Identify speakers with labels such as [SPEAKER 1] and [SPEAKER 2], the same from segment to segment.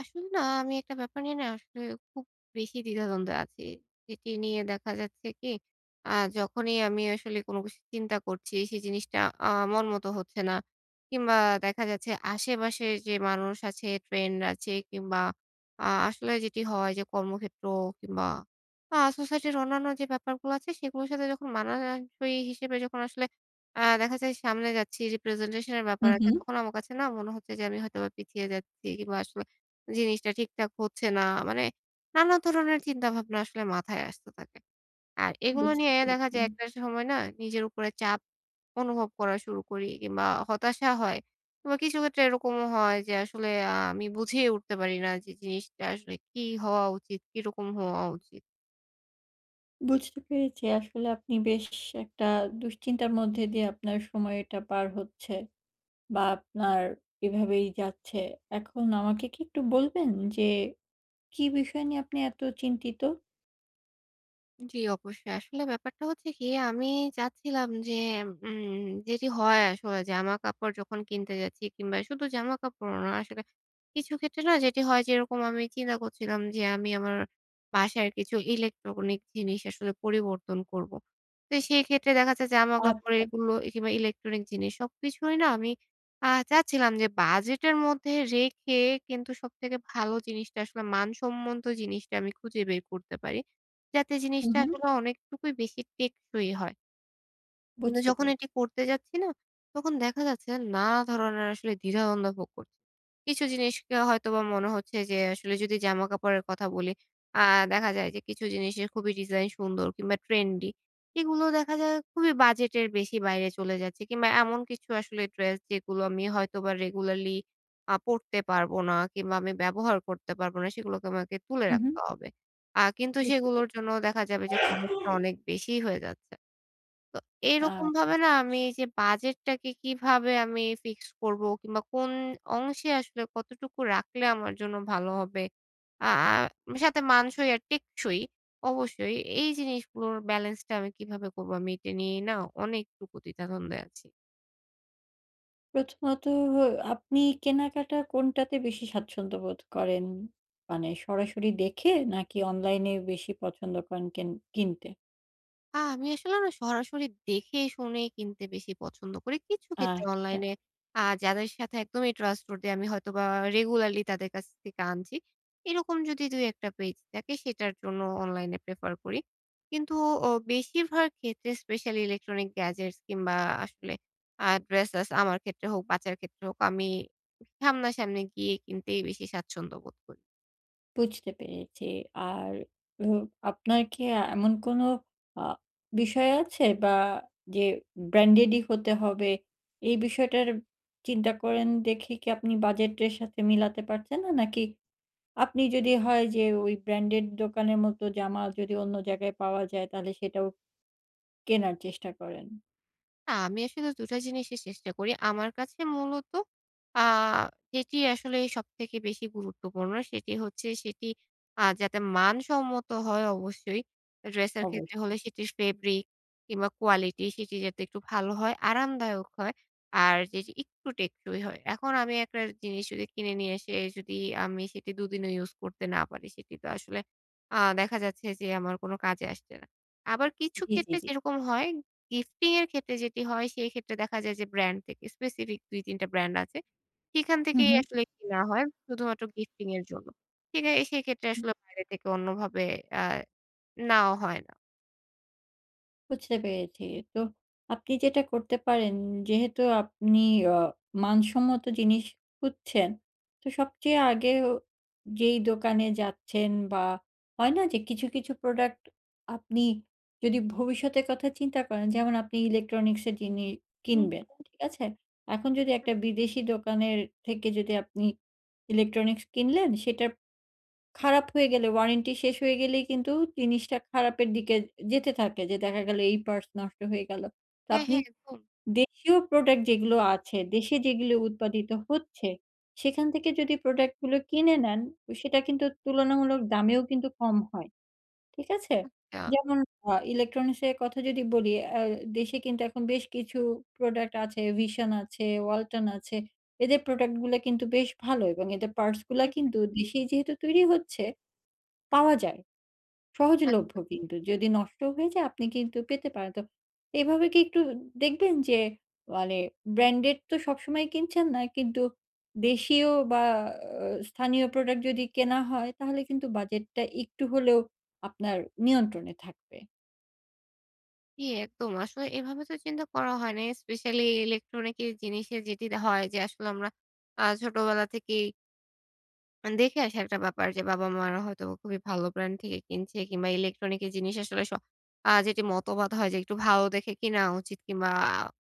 [SPEAKER 1] আসলে না আমি একটা ব্যাপার নিয়ে না আসলে খুব বেশি দ্বিধাদ্বন্দ্বে আছি। এটি নিয়ে দেখা যাচ্ছে কি, আ যখনই আমি আসলে কোন কিছু চিন্তা করছি, সেই জিনিসটা আ মনমতো হচ্ছে না কিংবা দেখা যাচ্ছে আশেপাশে যে মানুষ আছে, ট্রেন্ড আছে কিংবা আ আসলে যেটি হয় যে কর্মক্ষেত্র কিংবা আ সোসাইটির অন্যান্য যে ব্যাপারগুলা আছে, সেগুলার সাথে যখন মানানসই হিসেবে যখন আসলে আ দেখা যায় সামনে যাচ্ছি, representation এর
[SPEAKER 2] হু,
[SPEAKER 1] ব্যাপার আছে,
[SPEAKER 2] হু।
[SPEAKER 1] তখন আমার কাছে না মনে হচ্ছে যে আমি হয়তোবা পিছিয়ে যাচ্ছি কিংবা আসলে জিনিসটা ঠিকঠাক হচ্ছে না। মানে, নানা ধরনের চিন্তাভাবনা আসলে মাথায় আসতে থাকে আর এগুলো
[SPEAKER 2] বুঝতে
[SPEAKER 1] নিয়ে দেখা
[SPEAKER 2] পেরেছি।
[SPEAKER 1] যায় একটা সময় না নিজের উপরে চাপ অনুভব করা শুরু করি কিংবা হতাশা হয় কিংবা কিছু ক্ষেত্রে এরকমও হয় যে আসলে আ আমি বুঝেই উঠতে পারি না যে, জিনিসটা আসলে কি হওয়া উচিত, কিরকম হওয়া উচিত?
[SPEAKER 2] বুঝতে পেরেছি। আসলে আপনি বেশ সে একটা দুশ্চিন্তার মধ্যে দিয়ে আপনার সময়টা পার হচ্ছে বা আপনার এভাবেই যাচ্ছে। এখন আমাকে কি একটু বলবেন যে, কী বিষয় নিয়ে আপনি এত চিন্তিত?
[SPEAKER 1] জ্বি অবশ্যই। আসলে ব্যাপারটা হচ্ছে কি, আমি চাচ্ছিলাম যে উম যেটি হয় আসলে, জামাকাপড় যখন কিনতে যাচ্ছি কিংবা শুধু জামাকাপড় না আসলে কিছু ক্ষেত্রে না যেটি হয় যেরকম আমি চিন্তা করছিলাম যে, আমি আমার বাসার কিছু ইলেকট্রনিক জিনিস আসলে পরিবর্তন করবো। তো সেই ক্ষেত্রে দেখা যায় যে, জামাকাপড়
[SPEAKER 2] আচ্ছা।
[SPEAKER 1] এগুলো এ কিংবা ইলেকট্রনিক জিনিস সবকিছুই না আমি আ চাচ্ছিলাম যে, বাজেটের মধ্যে রেখে কিন্তু সবথেকে ভালো জিনিসটা আসলে মান সম্বন্ধ জিনিসটা আমি খুঁজে বের করতে পারি। যাতে
[SPEAKER 2] উ
[SPEAKER 1] জিনিসটা
[SPEAKER 2] হুম।
[SPEAKER 1] আসলে অনেকটুকুই বেশি টেকসই হয়। কিন্তু
[SPEAKER 2] বুঝতে
[SPEAKER 1] যখন
[SPEAKER 2] পেরে
[SPEAKER 1] এটি করতে যাচ্ছি না, তখন দেখা যাচ্ছে নানা ধরনের আসলে দ্বিধাদ্বন্দ্ব ভোগ করি। কিছু জিনিসকে হয়তোবা মনে হচ্ছে যে, আসলে যদি জামাকাপড়ের কথা বলি আ দেখা যায় যে, কিছু জিনিসের খুবই ডিজাইন সুন্দর কিংবা ট্রেন্ডি। এগুলো দেখা যায় খুবই বাজেটের বেশি বাইরে চলে যাচ্ছে কিংবা এমন কিছু আসলে ড্রেস যেগুলো আমি হয়তোবা রেগুলারলি আ পরতে পারব না কিংবা আমি ব্যবহার করতে পারবো না। সেগুলোকে আমাকে তুলে
[SPEAKER 2] হুম, হুম।
[SPEAKER 1] রাখতে হবে। আ কিন্তু
[SPEAKER 2] বুঝতে
[SPEAKER 1] সেগুলোর
[SPEAKER 2] পেরেছি।
[SPEAKER 1] জন্যও দেখা যাবে যে, খরচটা অনেক বেশিই হয়ে যাচ্ছে। তো
[SPEAKER 2] আ
[SPEAKER 1] এরকমভাবে না আমি এইযে বাজেটটাকে কিভাবে আমি ফিক্স করবো কিংবা কোন অংশে আসলে কতটুকু রাখলে আমার জন্য ভালো হবে। আ আ আ সাথে মানসই আর টেকসই অবশ্যই, এই জিনিসগুলোর ব্যালেন্সটা আমি কিভাবে করবো আমি এটা নিয়েই না অনেকটুকু দ্বিধা দ্বন্দ্বে আছি।
[SPEAKER 2] প্রথমত হো আপনি কেনাকাটা কোনটাতে বেশি স্বাচ্ছন্দ্যবোধ করেন? মানে সরাসরি দেখে? নাকি অনলাইনে বেশি পছন্দ করেন কেন কিনতে?
[SPEAKER 1] আ আমি আসলে না সরাসরি দেখে শুনে কিনতে বেশি পছন্দ করি। কিছু ক্ষেত্রে
[SPEAKER 2] আচ্ছা।
[SPEAKER 1] অনলাইনে আ যাদের সাথে একদমই trustworthy আমি হয়তোবা রেগুলারলি তাদের কাছ থেকে আনছি। এরকম যদি দুই-একটা পেজ থাকে সেটার জন্য অনলাইনে প্রেফার করি। কিন্তু অ বেশিরভাগ ক্ষেত্রে specially electronics gadgets কিংবা আসলে আ ড্রেসেস আমার ক্ষেত্রে হোক বাচ্চার ক্ষেত্রে হোক আমি উম সামনাসামনি গিয়ে কিনতেই বেশি স্বাচ্ছন্দ্য বোধ করি।
[SPEAKER 2] বুঝতে পেরেছি আর হো আপনার কি এমন কোনো আ বিষয় আছে বা যে ব্র্যান্ডেডই হতে হবে? এই বিষয়টার চিন্তা করেন দেখে কি আপনি বাজেটের সাথে মিলাতে পারছেন না? নাকি আপনি যদি হয় যে ওই ব্র্যান্ডেড দোকানের মতো জামা যদি অন্য জায়গায় পাওয়া যায় তাহলে সেটাও কেনার চেষ্টা করেন?
[SPEAKER 1] আমি আসলে ২ টা জিনিসই চেষ্টা করি। আমার কাছে মূলত আ যেটি আসলে সবথেকে বেশি গুরুত্বপূর্ণ সেটি হচ্ছে সেটি আ যাতে মানসম্মত হয় অবশ্যই এ ড্রেসের ক্ষেত্রে হলে
[SPEAKER 2] অবশ্যই।
[SPEAKER 1] সেটি স ফেব্রিক কিংবা কোয়ালিটি সেটি যাতে একটু ভালো হয়, আরামদায়ক হয়। আর যে জি একটু টেকসই হয়। এখন আমি একটা জিনিস যদি কিনে নিয়ে এসে যদি আমি সেটি দুদিনও ইউজ করতে না পারি সেটি তো আসলে আ দেখা যাচ্ছে যে আমার কোন কাজে আসছে না। আবার কিছু
[SPEAKER 2] জি, জি,
[SPEAKER 1] ক্ষেত্রে
[SPEAKER 2] জি।
[SPEAKER 1] যেরকম হয় গিফটিং এর ক্ষেত্রে যেটি হয় সেইক্ষেত্রে দেখা যায় যে ব্র্যান্ড থেকে স্পেসিফিক ২-৩ টা ব্র্যান্ড আছে। সেখান
[SPEAKER 2] হু,
[SPEAKER 1] থেকেই
[SPEAKER 2] হু।
[SPEAKER 1] আসলে কেনা হয় শুধুমাত্র গিফটিং এর জন্য। কিনে সেক্ষেত্রে
[SPEAKER 2] হুম।
[SPEAKER 1] আসলে বাইরে থেকে অন্যভাবে আ নেওয়া হয় না।
[SPEAKER 2] বুঝতে পেরেছি, তো আপনি যেটা করতে পারেন, যেহেতু আপনি আ মানসম্মত জিনিস খুঁজছেন, তো সবচেয়ে আগে ও যেই দোকানে যাচ্ছেন বা হয় না? যে কিছু, কিছু প্রোডাক্ট আপনি যদি ভবিষ্যতের কথা চিন্তা করেন, যেমন আপনি ইলেকট্রনিক্সের জিনি কিনবেন,
[SPEAKER 1] উম-হুম।
[SPEAKER 2] ঠিক আছে? এখন যদি একটা বিদেশি দোকানের থেকে যদি আপনি ইলেকট্রনিক্স কিনলেন, সেটাপ খারাপ হয়ে গেলে ওয়ারেন্টি শেষ হয়েই গেলেই কিন্তু জিনিসটা খারাপের দিকে এ যেতে থাকে, যে দেখা গেলো এই পার্টস নষ্ট হয়ে গেলো, তো
[SPEAKER 1] হ্যাঁ,
[SPEAKER 2] আপনি
[SPEAKER 1] হ্যাঁ, একদম।
[SPEAKER 2] দেশীয় প্রোডাক্ট যেগুলো আছে দেশে, যেগুলো উৎপাদিত হচ্ছে, সেখান থেকে যদি প্রোডাক্টগুলো কিনে নেন, ও সেটা কিন্তু তুলনামূলক দামেও কম হয়, ঠিক আছে?
[SPEAKER 1] হুম। অ্যা
[SPEAKER 2] যেমন আ ইলেকট্রনিক্সের কথা যদি বলি, অ্যা দেশে কিন্তু এখন বেশ কিছু প্রোডাক্ট আছে, VISION আছে, Walton আছে, এদের প্রোডাক্ট গুলা কিন্তু বেশ ভালো! এবং এদের পার্টসগুলা
[SPEAKER 1] হুম, হুম।
[SPEAKER 2] কিন্তু দেশেই যেহেতু তৈরি হচ্ছে, পাওয়া যায়। সহজলভ্য
[SPEAKER 1] আচ্ছা।
[SPEAKER 2] কিন্তু যদি নষ্ট হয়ে যায়, আপনি কিন্তু পেতে পারেন। তো এইভাবে কি একটু দেখবেন যে, মানে ব্র্যান্ডের তো সবসময়ই কিনছেন না, কিন্তু দেশীয় বা অ্যা স্থানীয় প্রোডাক্ট যদি কেনা হয়, তাহলে কিন্তু বাজেটটা একটু হলেও আপনার নিয়ন্ত্রণে থাকবে।
[SPEAKER 1] জি একদম। আসলে এভাবে তো চিন্তা করা হয় নাই। স্পেশালি ইলেকট্রনিক এর জিনিসের যেটি দা হয় যে আসলে আমরা আ ছোটবেলা থেকেই আন দেখে আসি একটা ব্যাপার যে বাবা-মারা হয়তো খুবই ভালো ব্র্যান্ড থেকে কিনছে কিংবা ইলেকট্রনিকের জিনিস আসলে স আ যেটি মতবাদ হয় যে একটু ভালো দেখে কিনা উচিত কিংবা আ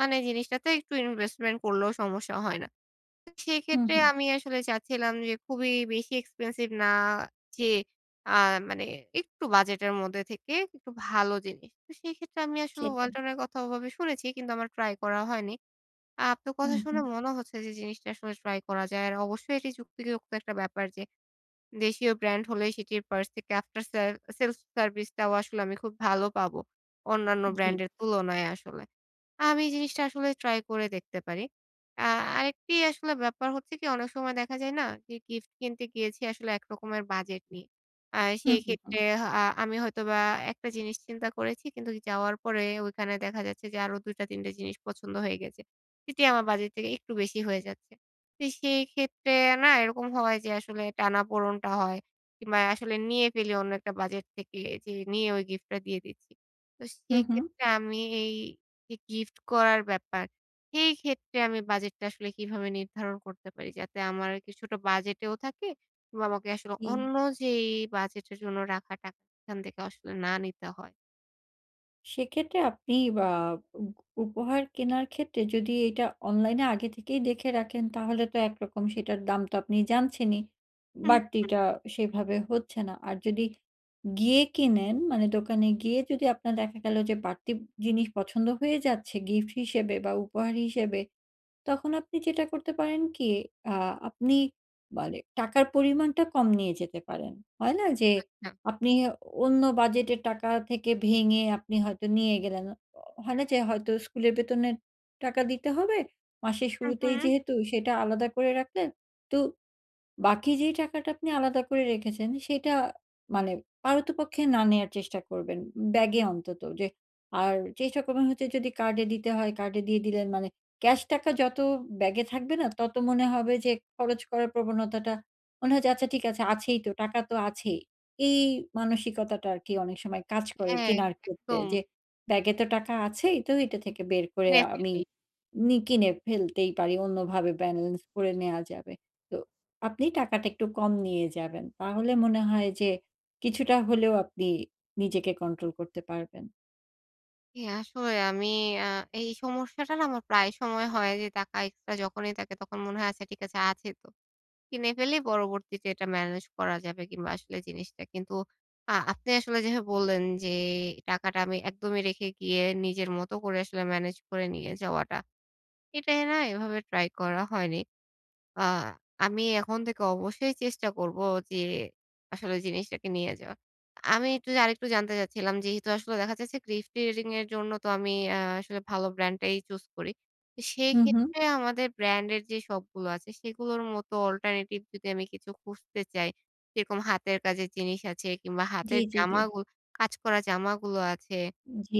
[SPEAKER 1] মানে জিনিসটাতে একটু ইনভেস্টমেন্ট করলেও সমস্যা হয় না।
[SPEAKER 2] হুম,
[SPEAKER 1] সেক্ষেত্রে
[SPEAKER 2] হুম।
[SPEAKER 1] আমি আসলে চাচ্ছিলাম যে খুবই বেশি expensive না যেয়ে আ মানে একটু বাজেটের মধ্যে থেকে ইকটু ভালো জিনিস। তো সেইক্ষেত্রে আমি আসলে
[SPEAKER 2] সেটাই।
[SPEAKER 1] "ওয়ালটন" এর কথা ওভাবে শুনেছি কিন্তু আমার ট্রাই করা হয়নি। আপনার
[SPEAKER 2] হু,
[SPEAKER 1] কথা শুনে
[SPEAKER 2] হু।
[SPEAKER 1] মনে হচ্ছে যে জিনিসটা আসলে ট্রাই করা যায়। আর অবশ্যই এটি যুক্তিযুক্ত একটা ব্যাপার যে দেশীয় ব্র্যান্ড হলেই সেটির পার্স থেকে আফটার সেল সেলস সার্ভিস টাও আসলে আমি খুব ভালো পাবো। অন্যান্য
[SPEAKER 2] জি।
[SPEAKER 1] ব্র্যান্ডের তুলনায় আসলে। আমি জিনিসটা আসলে ট্রাই করে দেখতে পারি। আ আরেকটি আসলে ব্যাপার হচ্ছে কি অনেক সময় দেখা যায় না? যে গিফট কিনতে গিয়েছি আসলে একরকমের বাজেট নিয়ে। আর
[SPEAKER 2] হু, হু, হু।
[SPEAKER 1] সেক্ষেত্রে হ আ আমি হয়তোবা আ একটা জিনিস চিন্তা করেছি কিন্তু যাওয়ার পরে ঐখানে দেখা যাচ্ছে যে আরো ২ টা ৩ টা জিনিস পছন্দ হয়ে গেছে। এটি আমার বাজেট থেকে একটু বেশি হয়ে যাচ্ছে। তো সেই ক্ষেত্রে না এরকম হয় যে আসলে টানা-পোড়নটা হয়। কিংবা আসলে নিয়ে ফেলি অন্য একটা বাজেট থেকে যে নিয়ে ঐ গিফটটা দিয়ে দিচ্ছি। তো
[SPEAKER 2] হু, হু।
[SPEAKER 1] সেইক্ষেত্রে আমি এই যে গিফট করার ব্যাপার, সেই ক্ষেত্রে আমি বাজেটটা আসলে কিভাবে নির্ধারণ করতে পারি? যাতে আমার কিছুটা বাজেটেও থাকে কিংবা আমাকে আসলে
[SPEAKER 2] জি।
[SPEAKER 1] অন্য যেই বাজেটের জন্য রাখা টাকা সেখান থেকেও আসলে না নিতে হয়।
[SPEAKER 2] সেক্ষেত্রে আপনি বা উগ উপহার কেনার ক্ষেত্রে যদি এটা অনলাইনে আগে থেকেই দেখে রাখেন তাহলে তো একরকম সেটার দাম তো আপনি জানছেনই
[SPEAKER 1] হু হু হুম।
[SPEAKER 2] বাড়তিটা সেভাবে হচ্ছে না আর যদি গিয়ে কিনেন মানে দোকানে গিয়ে যদি আপনার দেখা গেলো যে বাড়তি জিনিস পছন্দ হয়ে যাচ্ছে গিফট হিসেবে বা উপহার হিসেবে। তখন আপনি যেটা করতে পারেন কি আ আপনি মানে টাকার পরিমাণটা কম নিয়ে যেতে পারেন হয় না যে,
[SPEAKER 1] আচ্ছা।
[SPEAKER 2] আপনি অন্য বাজেটের টাকা থেকে ভেঙে আপনি হয়তো নিয়ে গেলেন। হয় না যে হয়তো স্কুলের বেতনের টাকা দিতে হবে মাসের
[SPEAKER 1] হুম,
[SPEAKER 2] শুরুতেই
[SPEAKER 1] হুম।
[SPEAKER 2] যেহেতু সেটা আলাদা করে রাখলেন তো বাকি যে টাকাটা আপনি আলাদা করে রেখেছেন সেটা মানে পারতপক্ষে না নেয়ার চেষ্টা করবেন। ব্যাগে অন্তত যে আর চেষ্টা করবেন হচ্ছে যদি কার্ডে দিতে হয়, কার্ডে দিয়ে দিলেন মানে ক্যাশ টাকা যত ব্যাগে থাকবে না তত মনে হবে যে খরচ করার প্রবণতাটা মনে হয় আচ্ছা ঠিক আছে আছেই তো। টাকা তো আছেই। এই মানসিকতাটা আর কি অনেক সময় কাজ করে
[SPEAKER 1] হ্যাঁ এ
[SPEAKER 2] কেনার ক্ষেত্রে
[SPEAKER 1] একদম।
[SPEAKER 2] যে ব্যাগে তো টাকা আছেই, তো এইটা থেকে বের করে
[SPEAKER 1] কিনে
[SPEAKER 2] আমি
[SPEAKER 1] ফেলি।
[SPEAKER 2] নি কিনে ফেলতেই পারি অন্যভাবে ব্যালেন্স ভরে নেওয়া যাবে। তো আপনি টাকাটা একটু কম নিয়ে যাবেন তাহলে মনে হয় যে কিছুটা হলেও আপনি নিজেকে কন্ট্রোল করতে পারবেন।
[SPEAKER 1] হ্যাঁ আসলে আমি আ এই সমস্যাটা আমার প্রায় সময় হয় যে টাকা এক্সট্রা যখনই থাকে তখন মনে হয় ঠিক আছে, আছে তো। কিনে ফেলেই পরবর্তীতে এটা ম্যানেজ করা যাবে কিংবা আসলে জিনিসটা কিন্তু আ আপনে আসলে যেভাবে বললেন যে টাকাটা আমি একদমই রেখে গিয়ে নিজের মত করে আসলে ম্যানেজ করে নিয়ে যাওয়াটা। এটাই না এভাবে ট্রাই করা হয়নি। আ আমি এখন থেকে অবশ্যই চেষ্টা করবো যে আসলে জিনিসটাকে নিয়ে যাওয়া। আমি একটু আরেকটু জানতে চাচ্ছিলাম যেহেতু আসলে দেখা যাচ্ছে ক্লিফট রিডিং এর জন্য তো আ আমি আসলে ভালো ব্র্যান্ডটাই চুজ করি
[SPEAKER 2] হুম, হুম।
[SPEAKER 1] সেক্ষেত্রে আমাদের ব্র্যান্ডের যে সপগুলো আছে সেগুলোর মতো অল্টারনেটিভ যদি আমি কিছু খুঁজতে চাই যেরকম হাতের কাজের জিনিস আছে কিংবা
[SPEAKER 2] জি,
[SPEAKER 1] হাতের
[SPEAKER 2] জি, জি।
[SPEAKER 1] জামাগুলো কাজ করা জামাগুলো আছে,
[SPEAKER 2] জি।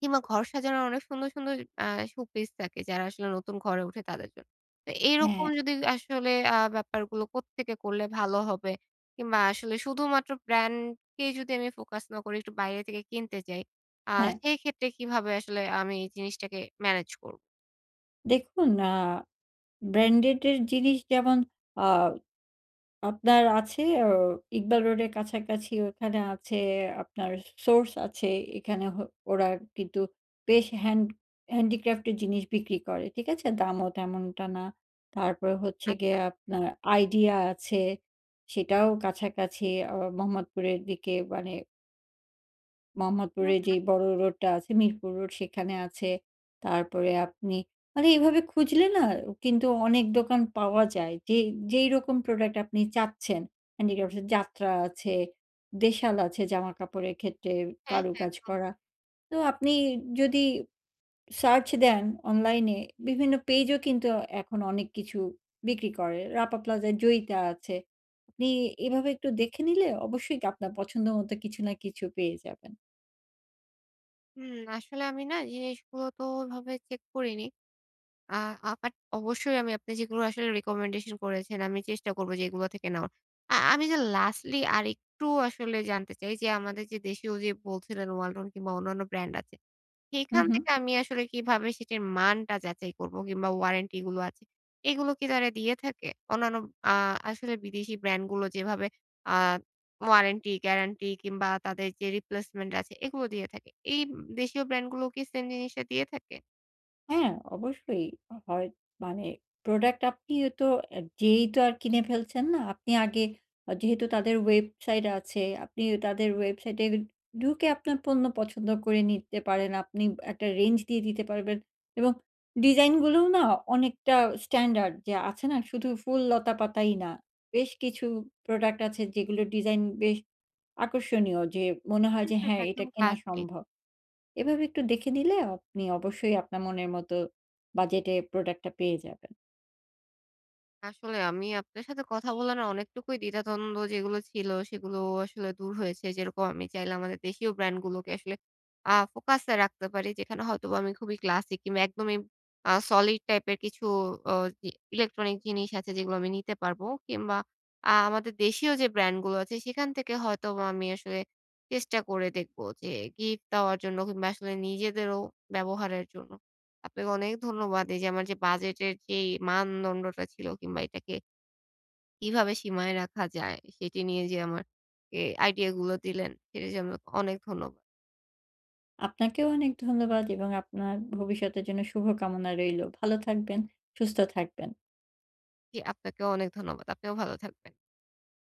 [SPEAKER 1] কিংবা ঘর সাজানোর অনেক সুন্দর, সুন্দর আ শো পিস থাকে যারা আসলে নতুন ঘরে উঠে তাদের জন্য। তো এরকম
[SPEAKER 2] হ্যাঁ।
[SPEAKER 1] যদি আসলে আ ব্যাপারগুলো কোত্থেকে করলে ভালো হবে? কিংবা আসলে শুধুমাত্র ব্র্যান্ডকে যদি আমি ফোকাস না করি একটু বাইরে থেকে কিনতে চাই, আ
[SPEAKER 2] হ্যাঁ।
[SPEAKER 1] সেইক্ষেত্রে কীভাবে আসলে আমি এই জিনিসটাকে ম্যানেজ করবো?
[SPEAKER 2] দেখুন আ ব্রান্ডেড এর জিনিস যেমন আ আপনার আছে আ ইকবাল রোডের কাছাকাছি ওখানে আছে আপনার সোর্স আছে এখানে হ ওরা কিন্তু বেশ হ্যান্ড হ্যান্ডিক্রাফট এর জিনিস বিক্রি করে ঠিক আছে? দামও তেমনটা না। তারপরে হচ্ছে গিয়ে
[SPEAKER 1] আচ্ছা।
[SPEAKER 2] আপনার আইডিয়া আছে সেটাও কাছাকাছি আ মোহাম্মদপুরের দিকে মানে মোহাম্মদপুরে
[SPEAKER 1] হুম, হুম।
[SPEAKER 2] যেই বড় রোডটা আছে মিরপুর রোড সেখানে আছে তারপরে আপনি মানে এইভাবে খুঁজলে না কিন্তু অনেক দোকান পাওয়া যায় যে যেই রকম প্রোডাক্ট আপনি চাচ্ছেন হ্যান্ডিক্রাফ এ যাত্রা আছে দেশাল আছে জামাকাপড়ের ক্ষেত্রে
[SPEAKER 1] হ্যাঁ, হ্যাঁ
[SPEAKER 2] কারুকাজ
[SPEAKER 1] একদম।
[SPEAKER 2] করা তো আপনি যদি সার্চ দেন অনলাইন এ বিভিন্ন পেজ ও কিন্তু এখন অনেক কিছু বিক্রি করে। রাপা প্লাজায় জয়িতা আছে। নি এভাবে একটু দেখে নিলে অবশ্যই কি আপনার পছন্দ মতো কিছু না কিছু পেয়ে যাবেন।
[SPEAKER 1] উম আসলে আমি না জিনিসগুলো তো ওভাবে চেক করিনি। আ আ বাট অবশ্যই আমি আপনি যেগুলো আসলে রিকমেন্ডেশন করেছেন আমি চেষ্টা করবো যে এগুলো থেকে নেওয়ার। আ আমি যে লাস্টলি আরেকটু আসলে জানতে চাই যে আমাদের যে দেশীয় যে বলছিলেন ওয়ালটন কিংবা অন্যান্য ব্র্যান্ড আছে
[SPEAKER 2] হুম,
[SPEAKER 1] সেখান
[SPEAKER 2] হুম।
[SPEAKER 1] থেকে আমি আসলে কিভাবে সেটির মানটা যাচাই করবো? কিংবা ওয়ারেন্টি এগুলো আছে। এগুলো কি তারা দিয়ে থাকে? অন্যান্য আ আসলে বিদেশি ব্র্যান্ড গুলো যেভাবে আ ওয়ারেন্টি গ্যারান্টি কিংবা তাদের যে রিপ্লেসমেন্ট আছে এগুলো দিয়ে থাকে। এই উম দেশীয় ব্র্যান্ডগুলো কি সেম জিনিসটা দিয়ে থাকে?
[SPEAKER 2] হ্যাঁ। অবশ্যই হয়। মানে, প্রোডাক্ট আপনিও তো এ্যা যেয়েই তো আর কিনে ফেলছেন না। আপনি আগে, আ যেহেতু তাদের ওয়েবসাইট আছে, আপনি তাদের ওয়েবসাইটে ঢুকে আপনার পণ্য পছন্দ করে নিতে পারেন। আপনি একটা রেঞ্জ দিয়ে দিতে পারবেন এবং ডিজাইনগুলোও না, অনেকটা স্ট্যান্ডার্ড যে আছে না, শুধু ফুল লতাপাতাই না। বেশ কিছু প্রোডাক্ট আছে, যেগুলো ডিজাইন বেশ আকর্ষণীয়, যে মনে হয়
[SPEAKER 1] হু,
[SPEAKER 2] যে,
[SPEAKER 1] হু।
[SPEAKER 2] "হ্যাঁ, এটা
[SPEAKER 1] একদম
[SPEAKER 2] কেনা
[SPEAKER 1] ক্লাসি।
[SPEAKER 2] সম্ভব।" এভাবে একটু দেখে নিলে আপনি অবশ্যই আপনার মনের মতো বাজেটে প্রোডাক্টটা পেয়ে যাবেন।
[SPEAKER 1] আসলে, আমি আপনার সাথে কথা বলে না অনেকটুকুই দ্বিধাদ্বন্দ্ব, যেগুলো ছিল, সেগুলো আসলে দূর হয়েছে। যেরকম, আমি চাইলে আমাদের দেশীয় ব্র্যান্ডগুলোকে আসলে আ ফোকাসে রাখতে পারি। যেখানে হয়তোবা আমি খুবই ক্লাসিক কিংবা একদমই আ সলিড টাইপের কিছু অ জি ইলেকট্রনিক জিনিস আছে এগুলো আমি নিতে পারব। কিংবা আ আমাদের দেশীয় যে ব্র্যান্ডগুলো আছে, সেখান থেকে হয়তোবা আমি আসলে চেষ্টা করে দেখবো, যে গিফট দেওয়ার জন্য কিংবা আসলে নিজেদেরও ব্যবহারের জন্য। আপনাকে অনেক ধন্যবাদ, এইযে আমার যে বাজেটের যেই মানদণ্ডটা ছিল কিংবা এটাকে কিভাবে সীমায় রাখা যায়, সেটি নিয়ে যে আমার কে আইডিয়াগুলো দিলেন, সে জন্য অনেক ধন্যবাদ।
[SPEAKER 2] আপনাকেও অনেক ধন্যবাদ এবং আপনার ভবিষ্যতের জন্য শুভকামনা রইলো। ভালো থাকবেন, সুস্থ থাকবেন।
[SPEAKER 1] জি। আপনাকেও অনেক ধন্যবাদ। আপনিও ভালো থাকবেন।